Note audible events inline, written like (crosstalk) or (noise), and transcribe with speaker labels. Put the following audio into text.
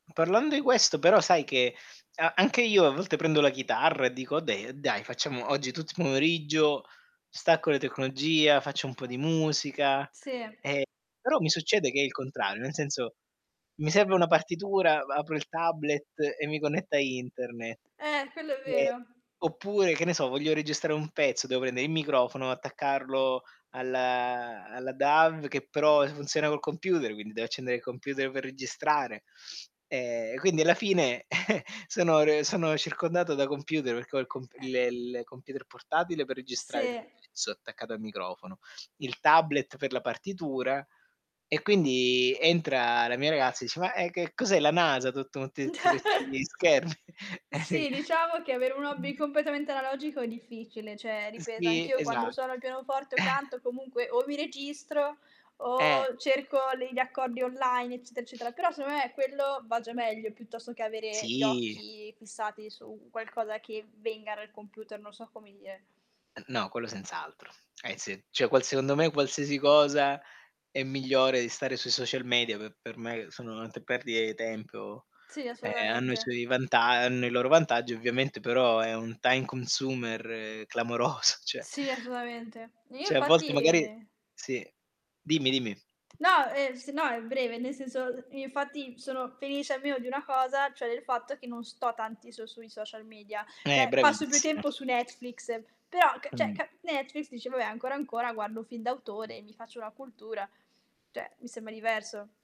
Speaker 1: Parlando i questo, però, sai che a anche io a volte prendo la chitarra e dico: "Okay, dai, facciamo oggi tutto i pomeriggio, stacco le tecnologia, faccio un po' di musica",
Speaker 2: Sì.
Speaker 1: ehm, però mi succede che è il contrario, nel senso: mi serve una partitura, ba apro il tablet e mi connetto a Interne,
Speaker 2: Eh, quello è
Speaker 1: ehm,
Speaker 2: vero.
Speaker 1: oppure, che ne so, voglio registrare un pezzo, devo pendere i microfono, attaccarlo alla alla DAW che però funziona col computer, quindi devo accendere il computer per registrare. Ehm, quindi alla fine (chuckles) sono re sono circondato da computer perché ho il comp
Speaker 2: Eh.
Speaker 1: il il computer portatile per registrare il
Speaker 2: Sì.
Speaker 1: pezzo attaccato al microfono, il tablet per la partitura e quindi entra la mia ragazza dice: "Ma, ehm, che cos'è la NASA? Tutto motti zi questi
Speaker 2: (chuckles)
Speaker 1: schermi?" (chuckles)
Speaker 2: Sì,
Speaker 1: (unintelligible)
Speaker 2: diciamo che avere un hobby
Speaker 1: (unintelligible)
Speaker 2: completamente analogico è difficile. Cioè, ripeto,
Speaker 1: Sì,
Speaker 2: anch'io quando
Speaker 1: esat
Speaker 2: suono il pianoforte o
Speaker 1: (chuckles)
Speaker 2: canto comunque o mi registro
Speaker 1: Eh.
Speaker 2: o cerco le gli accordi online, eccetera, eccetera. Però, secondo me, quello va già meglio piuttosto che avere gli
Speaker 1: Sì!
Speaker 2: occhi fissati su qualcosa che venga dal computer, non so come dire.
Speaker 1: Ehm, no, quello senz'altro, eh, sì. Cioè qual secondo me, qualsiasi cosa è migliore di stare sui social media, pe per che me sono ante perdite i tempo.
Speaker 2: Sì,
Speaker 1: Ehm, hanno i
Speaker 2: assolutamente.
Speaker 1: suoi vanta hanno i loro vantaggi ovviamente, però è un time consumer clamoroso, cioè
Speaker 2: Sì, assolutamente. Io
Speaker 1: Cioè a volte
Speaker 2: infatti
Speaker 1: magari sì, dimmi, dimmi.
Speaker 2: No, ehm, se no è breve, nel senso, uhm, infatti sono felice almeno di una cosa, cioè del fatto che non sto tanti so sui social media,
Speaker 1: Eh,
Speaker 2: cioè passo più
Speaker 1: bravissima.
Speaker 2: tempo su Netflix, però ca cioè
Speaker 1: Mh.
Speaker 2: ca Netflix dici: "Vabbè, ancora, ancora guardo un film d'autore e mi faccio una cultura", cioè mi sembra diverso.